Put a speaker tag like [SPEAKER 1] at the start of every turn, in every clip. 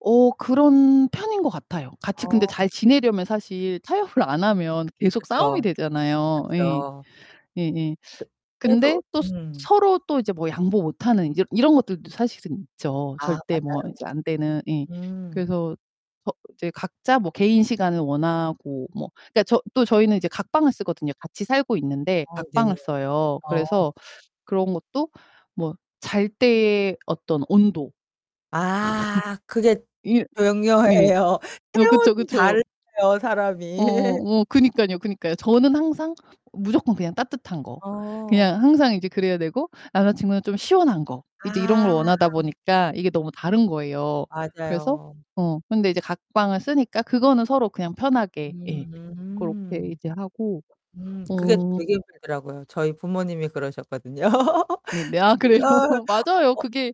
[SPEAKER 1] 어, 그런 편인 것 같아요. 같이 근데
[SPEAKER 2] 아.
[SPEAKER 1] 잘 지내려면 사실 타협을 안 하면 계속 싸움이
[SPEAKER 2] 그쵸.
[SPEAKER 1] 되잖아요. 예.
[SPEAKER 2] 그쵸.
[SPEAKER 1] 예예.
[SPEAKER 2] 그
[SPEAKER 1] 근데
[SPEAKER 2] 그래도
[SPEAKER 1] 또 서
[SPEAKER 2] 음.
[SPEAKER 1] 서로 또 이제 뭐 양보 못하는 이제 이런 것들도 사실은 있죠.
[SPEAKER 2] 아,
[SPEAKER 1] 절대 뭐
[SPEAKER 2] 맞아요.
[SPEAKER 1] 이제 안 되는 예.
[SPEAKER 2] 음.
[SPEAKER 1] 그래서 거 이제 각자 뭐 개인 시간을 원하고 뭐 그러니까 저 또 저희는 이제 각방을 쓰거든요. 같이 살고 있는데
[SPEAKER 2] 아 네.
[SPEAKER 1] 각방을 써요.
[SPEAKER 2] 어.
[SPEAKER 1] 그래서 그런 것도 뭐 잘 때의 어떤 온도.
[SPEAKER 2] 아, 그게
[SPEAKER 1] 이 네.
[SPEAKER 2] 중요해요.
[SPEAKER 1] 어, 그쵸,
[SPEAKER 2] 체온이
[SPEAKER 1] 그쵸.
[SPEAKER 2] 달라요, 사람이.
[SPEAKER 1] 어, 뭐 그니깐요, 그니까요. 저는 항상 무조건 그냥 따뜻한 거. 그냥
[SPEAKER 2] 어.
[SPEAKER 1] 항상 이제 그래야 되고 남자 친구는 좀 시원한 거. 이제 이런 걸
[SPEAKER 2] 아.
[SPEAKER 1] 원하다 보니까 이게 너무 다른 거예요. 그래서
[SPEAKER 2] 맞아요.
[SPEAKER 1] 어, 근데 이제 각방을 쓰니까 그거는 서로 그냥 편하게 예
[SPEAKER 2] 음
[SPEAKER 1] 고렇게
[SPEAKER 2] 음.
[SPEAKER 1] 이제 하고.
[SPEAKER 2] 음. 그게
[SPEAKER 1] 어
[SPEAKER 2] 되게 힘들더라고요. 저희 부모님이 그러셨거든요.
[SPEAKER 1] 네네. 아, 그래요?
[SPEAKER 2] 아.
[SPEAKER 1] 맞아요.
[SPEAKER 2] 어 어
[SPEAKER 1] 그게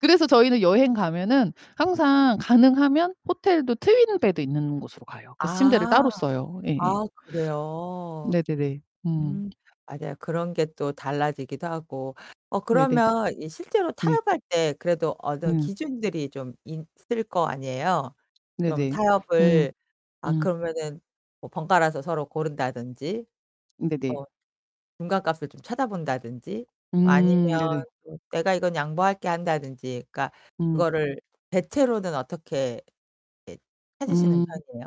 [SPEAKER 1] 그래서 저희는 여행 가면은 항상 가능하면 호텔도 트윈 베드 있는 곳으로 가요. 그래서 침대를
[SPEAKER 2] 아.
[SPEAKER 1] 따로 써요. 예예.
[SPEAKER 2] 아 그래요.
[SPEAKER 1] 네네네. 음.
[SPEAKER 2] 음. 맞아요. 그런 게 또 달라지기도 하고. 어,
[SPEAKER 1] 네네.
[SPEAKER 2] 그러면 이 실제로
[SPEAKER 1] 네.
[SPEAKER 2] 타협할 때 그래도 어느
[SPEAKER 1] 네.
[SPEAKER 2] 기준들이 좀 있을 거 아니에요? 좀
[SPEAKER 1] 네네. 음.
[SPEAKER 2] 타협을 아,
[SPEAKER 1] 음.
[SPEAKER 2] 그러면은 뭐 번갈아서 서로 고른다든지
[SPEAKER 1] 네네.
[SPEAKER 2] 뭐 중간값을 좀 찾아본다든지
[SPEAKER 1] 음
[SPEAKER 2] 아니면
[SPEAKER 1] 네네.
[SPEAKER 2] 좀 "내가 이건 양보할게." 한다든지. 그니까
[SPEAKER 1] 음.
[SPEAKER 2] 그거를 대체로는 어떻게 예 찾으시는
[SPEAKER 1] 음.
[SPEAKER 2] 편이에요?